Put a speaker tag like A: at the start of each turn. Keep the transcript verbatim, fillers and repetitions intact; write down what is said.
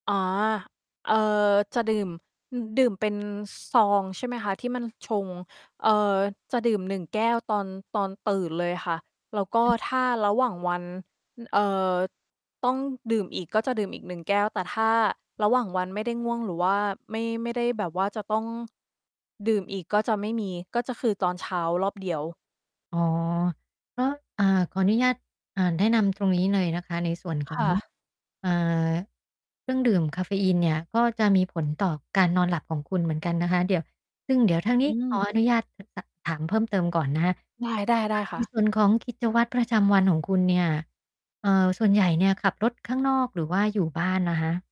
A: อ๋อ เอ่อ จะดื่ม อือ ดื่มเป็น ซ ซอง ใช่ไหมคะ ที่มันชง เอ่อ จะดื่ม หนึ่ง แก้วตอน ตอนตื่นเลยค่ะ แล้วก็
B: อือ
A: ถ้าระหว่างวัน เอ่อ ต้องดื่มอีก ก็จะดื่มอีก หนึ่ง แก้ว แต่ถ้าระหว่างวันไม่ได้ง่วงหรือว่าไม่ ไม่ได้แบบว่าจะต้อง ดื่มอีก ก็จะไม่มี ก็จะคือตอนเช้ารอบเดียว
B: อ๋อ ก็ อ่า ขออนุญาต อ่า แนะนำตรงนี้เลยนะคะ ในส่วนข
A: ค
B: อง
A: ่ะ
B: อ่า เครื่องดื่มกาเฟอีนเนี่ย ก็จะมีผลต่อการนอนหลับของคุณเหมือนกันนะคะ เดี๋ยว ซึ่งเดี๋ยวทางน
A: อ
B: ี
A: ื
B: ้ขอ
A: ม
B: อนุญาต ถ ถ ถาม เพิ่มเติมก่อนนะคะ
A: ได้ ๆ ได้
B: ใ
A: ค
B: น
A: ่ะ
B: ส่วนของกิจวัตรประจำวันของคุณเนี่ย เอ่อ ส่วนใหญ่เนี่ยขับรถข้างนอกหรือว่าอยู่บ้านนะคะ?